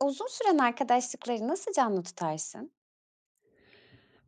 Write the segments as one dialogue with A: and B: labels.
A: Uzun süren arkadaşlıkları nasıl canlı tutarsın?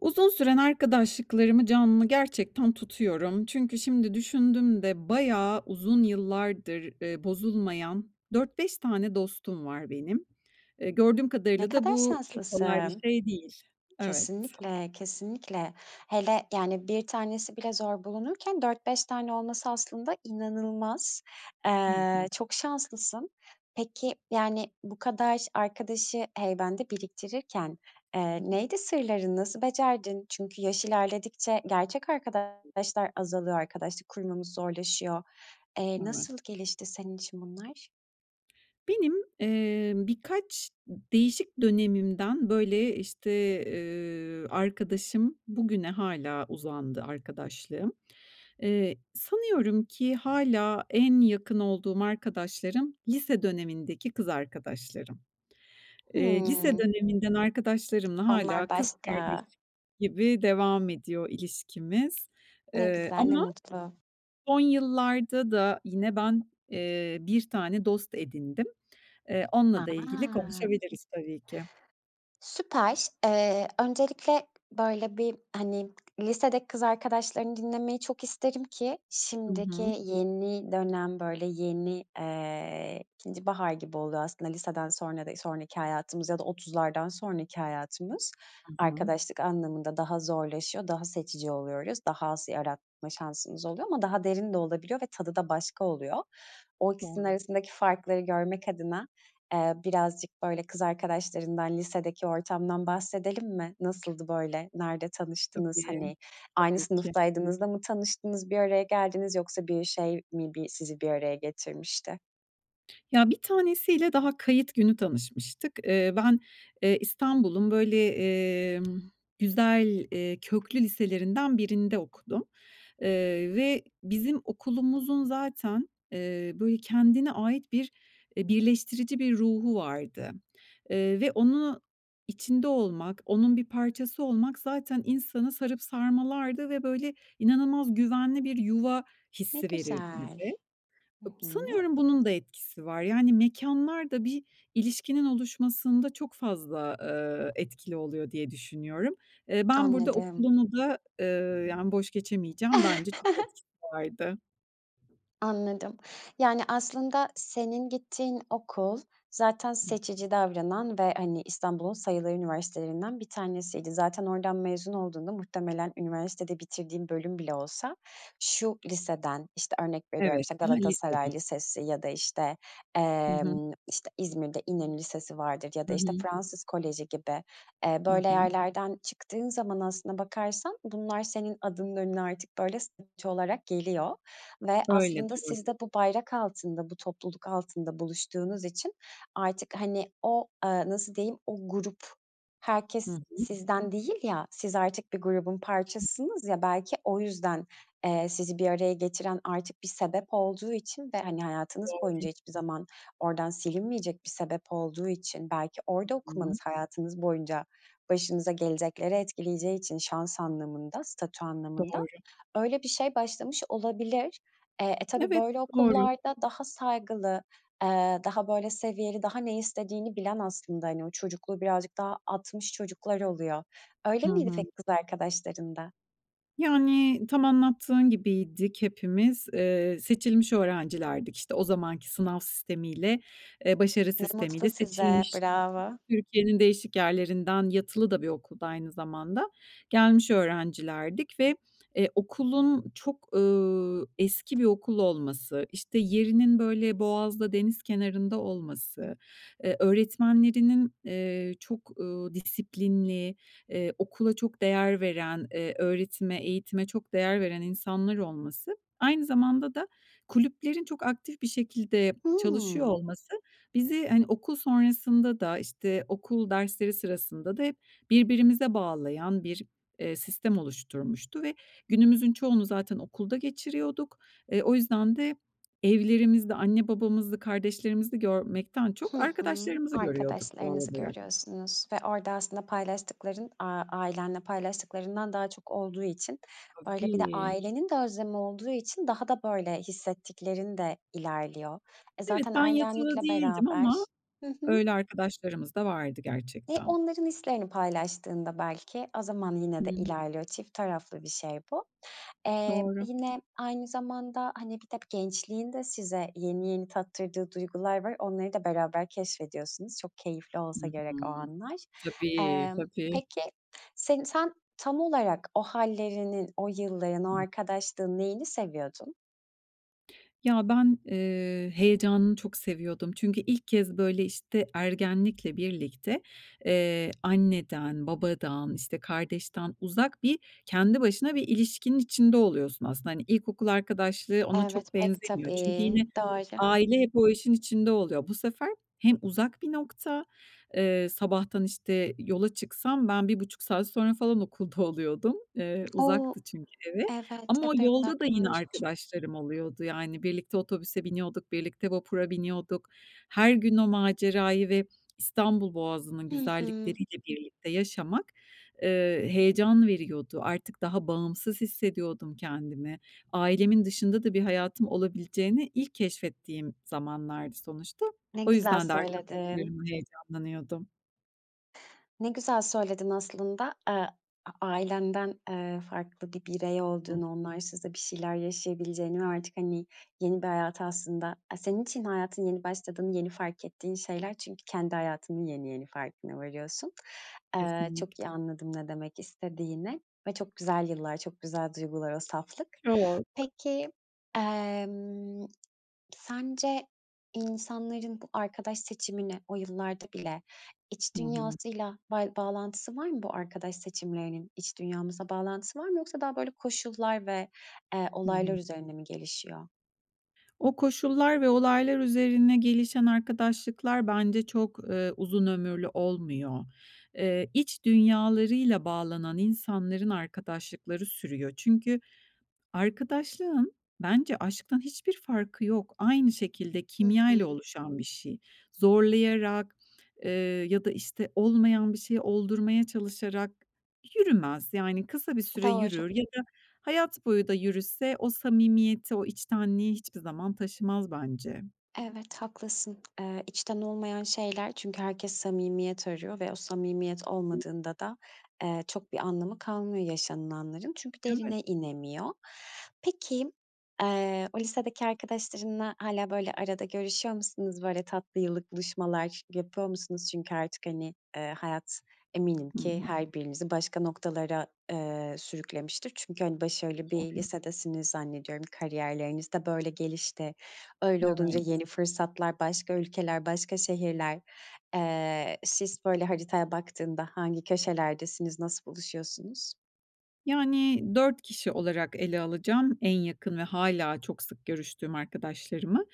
B: Uzun süren arkadaşlıklarımı canlı, gerçekten, tutuyorum. Çünkü şimdi düşündüm de bayağı uzun yıllardır, eee, bozulmayan 4-5 tane dostum var benim. Eee, gördüğüm
A: Ne
B: kadarıyla da
A: kadar
B: bu çok kolay bir
A: şanslısın.
B: şey değil. Evet.
A: Kesinlikle, kesinlikle. Hele, yani, 1 tanesi bile zor bulunurken 4-5 tane olması aslında inanılmaz.
B: Hı
A: Eee,
B: hı.
A: çok şanslısın. Peki, yani, bu kadar ş arkadaşı heybende biriktirirken, eee,
B: [unintelligible]
A: neydi sırların? Nasıl becerdin? Çünkü yaş ilerledikçe gerçek arkadaşlar azalıyor. Arkadaşlık kurmamız zorlaşıyor. Eee,
B: Evet.
A: nasıl gelişti senin için bunlar?
B: Benim, eee, birkaç değişik dönemimden, böyle, işte, eee, arkadaşım, bugüne hâlâ uzandı arkadaşlığım, eee, sanıyorum ki hâlâ en yakın olduğum arkadaşlarım lise dönemindeki kız arkadaşlarım. Eee, lise
A: Hımm.
B: döneminden arkadaşlarımla hâlâ
A: Onlar
B: kız
A: başka.
B: kardeşim gibi devam ediyor ilişkimiz.
A: Ne
B: Eee,
A: güzel, ne
B: ama
A: mutlu.
B: son yıllarda da yine ben, eee, 1 tane dost edindim. Eee, onunla da ilgili
A: A!
B: konuşabiliriz tabii ki.
A: Süper. Eee, öncelikle böyle bir, hani, lisedeki kız arkadaşlarını dinlemeyi çok isterim ki
B: Hı
A: şimdiki
B: hı.
A: yeni dönem, böyle, yeni, eee, ikinci bahar gibi oluyor aslında liseden sonrada sonraki hayatımız ya da 30'lardan sonraki hayatımız
B: I hı.
A: arkadaşlık anlamında daha zorlaşıyor, daha seçici oluyoruz, daha az yaratma şansımız oluyor ama daha derin de olabiliyor ve tadı da başka oluyor. O ikisinin
B: Doğru.
A: arasındaki farkları görmek adına, eee, birazcık, böyle, kız arkadaşlarından, lisedeki ortamdan bahsedelim mi? Nasıldı, böyle? Nerede tanıştınız,
B: Tabii.
A: hani, aynı
B: Tabii ki.
A: sınıftaydınız da mı tanıştınız, bir araya geldiniz, yoksa bir şey mi bi sizi bir araya getirmişti?
B: Ya, bir tanesiyle daha kayıt günü tanışmıştık. Iıı, ben, ııı, İstanbul'un, böyle, emm, güzel, eee, köklü liselerinden birinde okudum, ııı, ve bizim okulumuzun zaten, ııı, böyle, kendine ait bir, eee, birleştirici bir ruhu vardı, ııı, ve onun içinde olmak, onun bir parçası olmak zaten insanı sarıp sarmalardı ve, böyle, inanılmaz güvenli bir yuva
A: Ne
B: hissi verirdi
A: güzel.
B: bize.
A: Hı
B: Ip
A: hı.
B: Sanıyorum bunun da etkisi var. Yani, mekânlar da bir ilişkinin oluşmasında çok fazla, ııı, etkili oluyor diye düşünüyorum. Iıı, ben burada
A: Anladım.
B: okulumu da, ııı, yani, boş geçemeyeceğim. Bence çok etkisi vardı.
A: Anladım. Yani, aslında senin gittiğin okul zaten seçici davranan ve, hani, İstanbul'un sayılı üniversitelerinden bir tanesiydi. Zaten oradan mezun olduğunda muhtemelen üniversitede bitirdiğin bölüm bile olsa şu liseden, işte, örnek veriyorum,
B: Evet.
A: işte,
B: Hı hı, lisede.
A: Galatasaray Lisesi ya da, işte,
B: Hı hı.
A: emm, işte, İzmir'de İnönü Lisesi vardır ya da,
B: Hı
A: işte,
B: hı.
A: Fransız Koleji gibi, eee,
B: Hı
A: böyle
B: hı.
A: yerlerden çıktığın zaman aslına bakarsan bunlar senin adının önüne artık, böyle, [unintelligible] olarak geliyor ve
B: Böyle,
A: aslında siz
B: doğru.
A: de bu bayrak altında, bu topluluk altında buluştuğunuz için artık, hani, o, ııı, nasıl diyeyim, o grup
B: Hı
A: herkes
B: hı.
A: sizden değil ya, siz artık bir grubun parçasısınız, ya, belki o yüzden, eee, sizi bir araya getiren artık bir sebep olduğu için ve, hani, hayatınız boyunca
B: Doğru.
A: hiçbir zaman oradan silinmeyecek bir sebep olduğu için, belki orada
B: Hı
A: okumanız
B: hı.
A: hayatınız boyunca başınıza gelecekleri etkileyeceği için şans anlamında, statü anlamında
B: Doğru.
A: öyle bir şey başlamış olabilir. Eee, e, tabii,
B: Evet,
A: böyle
B: doğru.
A: okullarda daha saygılı, eee, daha, böyle, seviyeli, daha ne istediğini bilen, aslında, hani, o çocukluğu birazcık daha atmış çocuklar oluyor. Öyle
B: Hı
A: miydi
B: hı.
A: peki kız arkadaşların da?
B: Yani, tam anlattığın gibiydik hepimiz. Eee, seçilmiş öğrencilerdik, işte. O zamanki sınav sistemiyle, eee, başarı
A: Ne mutlu
B: sistemiyle
A: size,
B: seçilmiş,
A: bravo.
B: Türkiye'nin değişik yerlerinden, yatılı da bir okulda aynı zamanda. Gelmiş öğrencilerdik ve, eee, okulun çok, ııı, eski bir okul olması, işte, yerinin, böyle, boğazda, deniz kenarında olması, eee, öğretmenlerinin, eee, çok, ııı, disiplinli, ııı, okula çok değer veren, eee, öğretime, eğitime çok değer veren insanlar olması, aynı zamanda da kulüplerin çok aktif bir şekilde çalışıyor
A: Hımm.
B: olması bizi, hani, okul sonrasında da, işte, okul dersleri sırasında da hep birbirimize bağlayan bir, eee, sistem oluşturmuştu ve günümüzün çoğunu zaten okulda geçiriyorduk. E, o yüzden de evlerimizde anne babamızı, kardeşlerimizi görmekten
A: Hı
B: çok
A: hı.
B: arkadaşlarımızı görüyorduk doğal
A: Arkadaşlarınızı
B: olarak.
A: görüyorsunuz ve orada aslında paylaştıkların, aaa, ailenle paylaştıklarından daha çok olduğu için, böyle, bir de
B: Tabii.
A: ailenin de özlemi olduğu için daha da, böyle, hissettiklerinde ilerliyor. E,
B: Evet,
A: zaten
B: ben yatılı
A: ergenlikle
B: değildim ama
A: beraber Hı hı.
B: öyle arkadaşlarımız da vardı
A: E,
B: gerçekten.
A: onların hislerini paylaştığında belki o zaman yine
B: Hı
A: de
B: hı.
A: ilerliyor, çift taraflı bir şey bu. Eee,
B: Doğru.
A: yine aynı zamanda, hani, bir de gençliğin de size yeni yeni tattırdığı duygular var. Onları da beraber keşfediyorsunuz. Çok keyifli
B: Hı
A: olsa
B: hı.
A: gerek o anlar.
B: Tabii,
A: Emm,
B: tabii.
A: peki, sin sen tam olarak o hâllerinin, o yılların, o
B: [unintelligible]
A: arkadaşlığın neyini seviyordun?
B: Ya, ben, eee, heyecanını çok seviyordum. Çünkü ilk kez, böyle, işte, ergenlikle birlikte, eee, anneden, babadan, işte, kardeşten uzak bir kendi başına bir ilişkinin içinde oluyorsun aslında. Hani, ilkokul arkadaşlığı ona çok
A: Evet, pek
B: benzemiyor. Çünkü
A: tabii.
B: yine
A: Doğru.
B: aile hep o işin içinde oluyor. Bu sefer hem uzak bir nokta, eee, sabahtan, işte, yola çıksam ben 1,5 saat sonra falan okulda oluyordum. Eee,
A: O!
B: uzaktı çünkü evi.
A: Evet,
B: Ama o
A: epey
B: yolda da yine
A: uzakmış.
B: arkadaşlarım oluyordu. Yani, birlikte otobüse biniyorduk, birlikte vapura biniyorduk. Her gün o macerayı ve İstanbul Boğazı'nın
A: Hı hı.
B: güzellikleriyle birlikte yaşamak, eee, heyecan veriyordu. Artık daha bağımsız hissediyordum kendimi. Ailemin dışında da bir hayatım olabileceğini ilk keşfettiğim zamanlardı sonuçta.
A: Ne
B: O
A: güzel
B: yüzden de
A: söyledin.
B: arkadaşlarımla heyecanlanıyordum.
A: Ne güzel söyledin aslında. A ailenden, eee, farklı bir birey
B: Hı hı.
A: olduğunu, onlarsız da bir şeyler yaşayabileceğini ve artık, hani, yeni bir hayata aslında aaa, senin için hayatın yeni başladığını yeni fark ettiğin şeyler çünkü kendi hayatının yeni yeni farkına varıyorsun. Eee,
B: Kesinlik
A: çok iyi anladım ne demek istediğini ve çok güzel yıllar, çok güzel duygular o saflık.
B: Çok.
A: Peki, emm, sence insanların bu arkadaş seçimini o yıllarda bile iç
B: Hı hı.
A: dünyasıyla bay bağlantısı var mı bu arkadaş seçimlerinin? İç dünyamızda bağlantısı var mı, yoksa daha, böyle, koşullar ve, eee,
B: Hı
A: olaylar
B: hı.
A: üzerine mi gelişiyor?
B: O koşullar ve olaylar üzerine gelişen arkadaşlıklar bence çok, eee, uzun ömürlü olmuyor. Eee, iç dünyalarıyla bağlanan insanların arkadaşlıkları sürüyor. Çünkü arkadaşlığın bence aşktan hiçbir farkı yok. Aynı şekilde,
A: Hı hı.
B: kimyayla oluşan bir şey. Zorlayarak, eee, ya da, işte, olmayan bir şeyi oldurmaya çalışarak yürümez. Yani, kısa bir süre
A: Doğru.
B: yürür ya da hayat boyu da yürüse o samimiyeti, o içtenliği hiçbir zaman taşımaz bence.
A: Evet, haklısın. Eee, içten olmayan şeyler. Çünkü herkes samimiyet arıyor ve o samimiyet olmadığında da, eee, çok bir anlamı kalmıyor yaşanılanların. Çünkü
B: Evet.
A: derine inemiyor. Peki, eee, o lisedeki arkadaşlarınla hâlâ, böyle, arada görüşüyor musunuz? Böyle, tatlı yıllık buluşmalar yapıyor musunuz? Çünkü artık, hani, eee, hayat eminim
B: Hı
A: ki
B: hı.
A: her birinizi başka noktalara, eee, sürüklemiştir. Çünkü, hani, başarılı bir
B: Doğru.
A: lisedesiniz zannediyorum. Kariyerlerinizde böyle gelişti, öyle
B: Evet.
A: olunca yeni fırsatlar, başka ülkeler, başka şehirler. Eee, siz, böyle, haritaya baktığında hangi köşelerdesiniz, nasıl buluşuyorsunuz?
B: Yani, 4 kişi olarak ele alacağım en yakın ve hâlâ çok sık görüştüğüm arkadaşlarımı.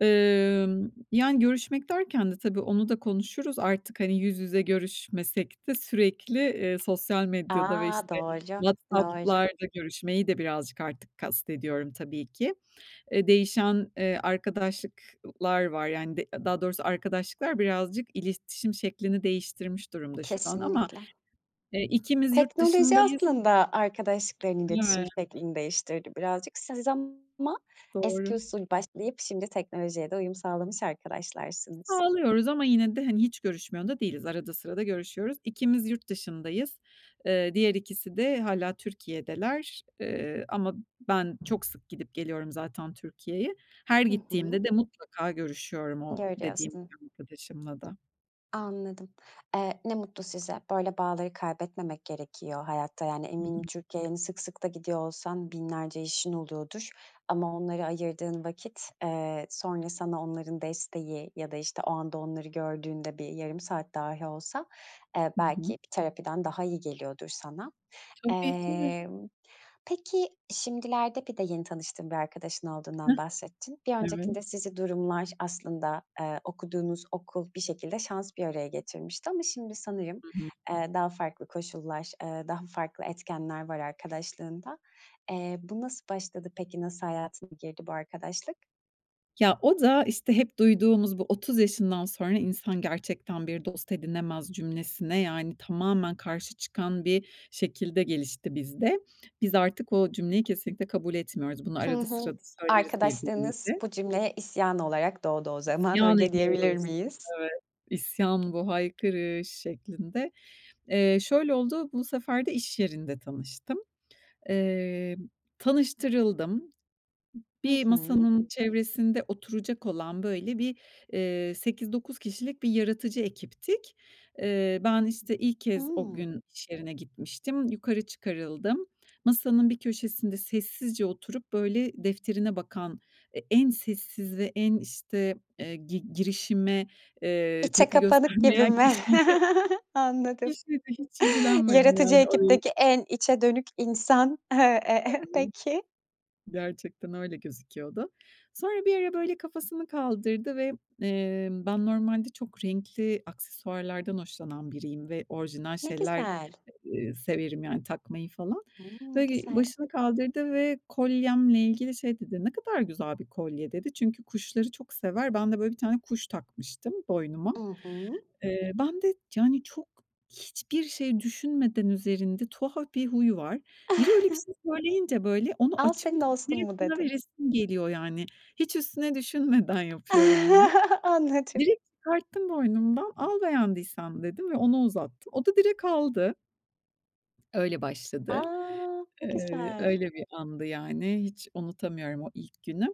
B: Imm, yani, görüşmek derken de tabii onu da konuşuruz. Artık, hani, yüz yüze görüşmesek de sürekli, eee, sosyal medyada ve,
A: A!
B: işte,
A: Doğru, doğru.
B: WhatsApp'larda görüşmeyi de birazcık artık kastediyorum tabii ki. Eee, değişen, eee, arkadaşlık lar var. Yani, d daha doğrusu arkadaşlıklar birazcık iletişim şeklini değiştirmiş durumda şu an ama,
A: Kesinlikle.
B: eee, ikimiz yurt
A: Teknoloji
B: dışındayız.
A: aslında arkadaşlıkların iletişim
B: Ya!
A: şeklini değiştirdi birazcık. Siz ama eski
B: Doğru.
A: usul başlayıp şimdi teknolojiye de uyum sağlamış arkadaşlarsınız.
B: Sağlıyoruz ama yine de, hani, hiç görüşmüyor da değiliz. Arada sırada görüşüyoruz. İkimiz yurt dışındayız. Eee, diğer ikisi de hâlâ Türkiye'deler. Eee, ama ben çok sık gidip geliyorum zaten Türkiye'ye. Her
A: Hı hı.
B: gittiğimde de mutlaka görüşüyorum o dediğim
A: Görüyorsun.
B: [unintelligible] arkadaşımla da.
A: Anladım. Eee, ne mutlu size. Böyle bağları kaybetmemek gerekiyor hayatta. Yani,
B: Hı
A: eminim
B: hı.
A: Türkiye'ye, hani, sık sık da gidiyor olsan binlerce işin oluyordur ama onlara ayırdığın vakit, eee, sonra sana onların desteği ya da, işte, o anda onları gördüğünde bir yarım saat dahi olsa, eee,
B: Hı
A: belki
B: hı.
A: bir terapiden daha iyi geliyordur sana.
B: Tabii, değil mi?
A: Emm, peki, şimdilerde bir de yeni tanıştığın bir arkadaşın
B: Hıh,
A: olduğundan bahsettin. Bir
B: evet.
A: öncekinde sizi durumlar aslında, eee, okuduğunuz okul, bir şekilde şans bir araya getirmişti ama şimdi sanırım,
B: Hı hı.
A: eee, daha farklı koşullar, eee, daha farklı etkenler var arkadaşlığında. Eee, bu nasıl başladı, peki? Nasıl hayatına girdi bu arkadaşlık?
B: Ya, o da, işte, hep duyduğumuz bu "30 yaşından sonra insan gerçekten bir dost edinemez." cümlesine, yani, tamamen karşı çıkan bir şekilde gelişti bizde. Biz artık o cümleyi kesinlikle kabul etmiyoruz. Bunu
A: Hı
B: arada
A: hı.
B: sırada söyleriz
A: Arkadaşlığınız
B: birbirimize.
A: bu cümleye isyan olarak doğdu o zaman.
B: İsyan
A: Öyle diyebilir
B: ediyoruz.
A: miyiz?
B: Evet, isyan bu. Haykırış şeklinde. Eee, şöyle oldu, bu sefer de iş yerinde tanıştım. Emm, tanıştırıldım.
A: Hı
B: Bir
A: hı.
B: masanın çevresinde oturacak olan, böyle, bir, eee, 8-9 kişilik bir yaratıcı ekiptik. Eee, ben, işte, ilk kez o
A: Hıı.
B: gün iş yerine gitmiştim. Yukarı çıkarıldım. Masanın bir köşesinde sessizce oturup, böyle, defterine bakan e en sessizi, en, işte, eee, gi girişime, eee,
A: İçe
B: tepki
A: kapanık gibi
B: göstermeyen
A: mi?
B: kişiydi.
A: Anladım.
B: Kişiydi hiç ilgilenmeyen,
A: Yaratıcı
B: yani, orayı
A: ekipteki en içe dönük insan, eee, eee,
B: [unintelligible]
A: peki.
B: Gerçekten öyle gözüküyordu. Sonra bir ara, böyle, kafasını kaldırdı ve, eee, ben normalde çok renkli aksesuarlardan hoşlanan biriyim ve orijinal
A: Ne
B: şeyler,
A: güzel.
B: ııı, severim yani takmayı falan.
A: Hımm, ne
B: Ve ge
A: güzel.
B: başını kaldırdı ve kolyemle ilgili şey dedi, "Ne kadar güzel bir kolye." dedi. Çünkü kuşları çok sever. Ben de, böyle, bir tane kuş takmıştım boynuma.
A: I hı.
B: Eee, ben de, yani, çok hiçbir şey düşünmeden üzerinde, tuhaf bir huy var. Biri öyle bir şey söyleyince, böyle, onu
A: Al
B: açıp
A: senin olsun
B: direkt
A: mu
B: ona
A: dedin?
B: veresim geliyor, yani. Hiç üstüne düşünmeden yapıyorum bunu.
A: Anladım.
B: Direkt çıkarttım boynumdan, "Al beğendiysen." dedim ve ona uzattım. O da direkt aldı. Öyle
A: A!
B: başladı.
A: Ne
B: Eee,
A: güzel.
B: öyle bir andı, yani. Hiç unutamıyorum o ilk günü.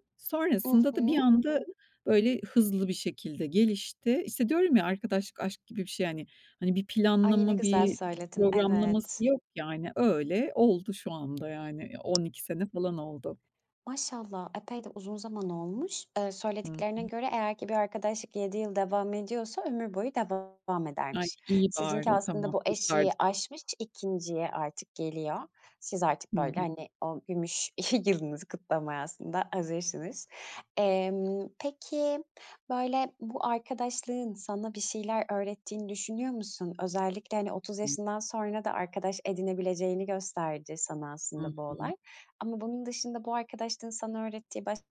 A: I
B: Sonrasında da bir
A: hı.
B: anda, böyle, hızlı bir şekilde gelişti. İşte, diyorum ya arkadaşlık aşk gibi bir şey, hani. Hani, bir
A: Ay! Ne
B: planlama,
A: güzel
B: bir
A: söyledin,
B: programlaması
A: evet.
B: yok, yani. Öyle oldu şu anda yani. 12 sene falan oldu.
A: Maşallah. Epey de uzun zaman olmuş. Eee,
B: Hı
A: söylediklerine
B: hı.
A: göre eğer ki bir arkadaşlık 7 yıl devam ediyorsa ömür boyu devam
B: Ay,
A: edermiş.
B: iyi
A: Sizinki
B: bari.
A: aslında
B: Tamam,
A: bu eşiği
B: kurtardık.
A: aşmış, 2'nciye artık geliyor. Siz artık,
B: Hı
A: böyle,
B: hı.
A: hani, o gümüş yılınızı kutlamaya aslında hazırsınız. Emm, peki, böyle, bu arkadaşlığın sana bir şeyler öğrettiğini düşünüyor musun? Özellikle, hani, 30 yaşından sonra da arkadaş edinebileceğini gösterdi sana
B: Hı
A: aslında bu
B: hı.
A: olay. Ama bunun dışında bu arkadaşlığın sana öğrettiği başka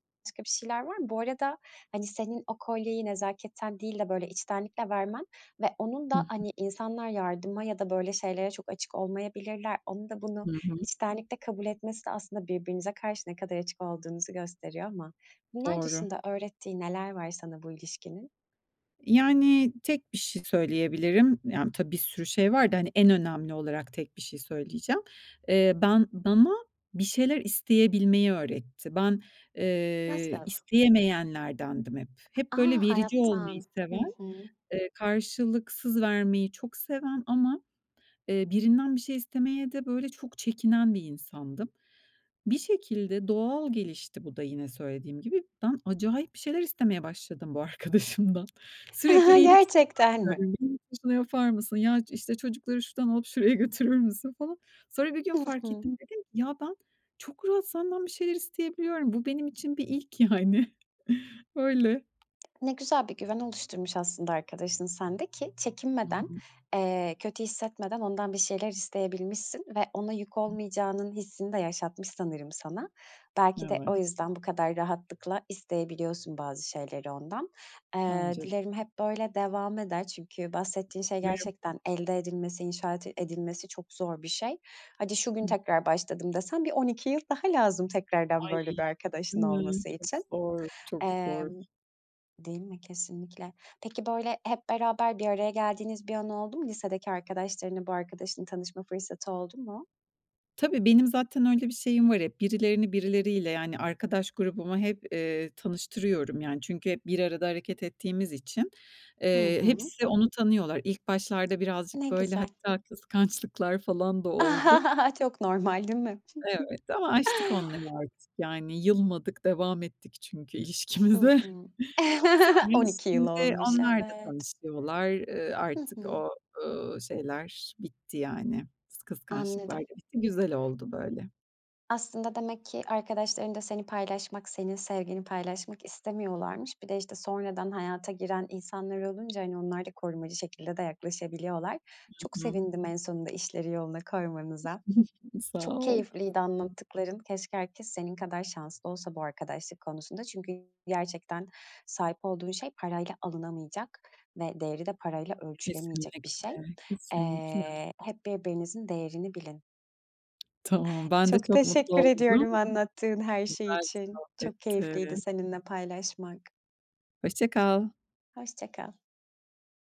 A: bir şeyler var mı? Bu arada, hani, senin o kolyeyi nezaketten değil de, böyle, içtenlikle vermen ve onun
B: Hı
A: da,
B: hı.
A: hani, insanlar yardıma ya da böyle şeylere çok açık olmayabilirler, onun da bunu
B: Hı hı.
A: içtenlikle kabul etmesi de aslında birbirinize karşı ne kadar açık olduğunuzu gösteriyor ama bunlar
B: Doğru.
A: dışında öğrettiği neler var sana bu ilişkinin?
B: Yani, tek bir şey söyleyebilirim. Yani, tabii, bir sürü şey var da, hani, en önemli olarak tek bir şey söyleyeceğim. Eee, ben bana bir şeyler isteyebilmeyi öğretti. Ben, eee,
A: [unintelligible]
B: isteyemeyenlerdendim hep.
A: A!
B: Hep, böyle, verici olmayı
A: Hayattan. Hı
B: seven,
A: hı.
B: eee, karşılıksız vermeyi çok seven ama, eee, birinden bir şey istemeye de, böyle, çok çekinen bir insandım. Bir şekilde doğal gelişti bu da yine söylediğim gibi. Ben acayip bir şeyler istemeye başladım bu arkadaşımdan. Sürekli iyilik
A: Gerçekten mi?
B: yani. "Benim için şunu yapar mısın? Ya, ç işte, çocukları şuradan alıp şuraya götürür müsün?" falan. Sonra bir gün
A: Hı
B: fark
A: hı.
B: ettim, dedim ki, "Ya, ben çok rahat senden bir şeyler isteyebiliyorum. Bu benim için bir ilk yani." Öyle.
A: Ne güzel bir güven oluşturmuş aslında arkadaşın sen de ki çekinmeden,
B: [unintelligible]
A: eee, kötü hissetmeden ondan bir şeyler isteyebilmişsin ve ona yük olmayacağının hissini de yaşatmış sanırım sana. Belki de
B: Evet.
A: o yüzden bu kadar rahatlıkla isteyebiliyorsun bazı şeyleri ondan. Eee,
B: Bence
A: dilerim hep böyle devam eder çünkü bahsettiğin şey
B: Umarım.
A: gerçekten elde edilmesi, inşaat edilmesi çok zor bir şey. "Hadi şu gün
B: [unintelligible]
A: tekrar başladım." desen bir 12 yıl daha lazım tekrardan
B: Ay,
A: böyle bir arkadaşın
B: değil mi?
A: olması
B: Çok
A: için.
B: zor, çok zor.
A: Emm Değil mi, kesinlikle. Peki, böyle, hep beraber bir araya geldiğiniz bir an oldu mu? Lisedeki arkadaşlarınla bu arkadaşın tanışma fırsatı oldu mu?
B: Tabii, benim zaten öyle bir şeyim var hep. Birilerini birileriyle, yani, arkadaş grubumu hep, eee, tanıştırıyorum. Yani, çünkü hep bir arada hareket ettiğimiz için,
A: Hı
B: eee,
A: hı.
B: hepsi onu tanıyorlar. İlk başlarda
A: Ne
B: birazcık, böyle,
A: güzel.
B: hatta kıskançlıklar falan da oldu.
A: Çok normal, değil mi?
B: Evet ama aştık onları artık. Yani, yılmadık, devam ettik çünkü
A: Hı
B: ilişkimize.
A: hı.
B: Sonra,
A: 12 yıl
B: şimdi
A: olmuş,
B: onlar da
A: evet.
B: tanışıyorlar. Eee,
A: Hı
B: artık
A: hı.
B: o, ııı, şeyler bitti, yani, kıskançlıklar
A: Anladım.
B: da bitti. Güzel oldu böyle.
A: Aslında demek ki arkadaşların da seni paylaşmak, senin sevgini paylaşmak istemiyorlarmış. Bir de, işte, sonradan hayata giren insanlar olunca, hani, onlar da korumacı şekilde de yaklaşabiliyorlar.
B: Hı
A: Çok
B: hı.
A: sevindim en sonunda işleri yoluna koymanıza.
B: Sağ
A: Çok
B: ol.
A: keyifliydi
B: [unintelligible]
A: anlattıkların. Keşke herkes senin kadar şanslı olsa bu arkadaşlık konusunda. Çünkü gerçekten sahip olduğun şey parayla alınamayacak ve değeri de parayla ölçülemeyecek bir
B: Kesinlikle,
A: şey.
B: kesinlikle.
A: Eee, hep birbirinizin değerini bilin.
B: Tamam. Ben de
A: Çok
B: çok mutlu
A: teşekkür
B: oldum.
A: ediyorum anlattığın her şey
B: Güzel bir
A: için. Çok
B: sohbetti.
A: keyifliydi seninle paylaşmak.
B: Hoşça kal.
A: Hoşça kal.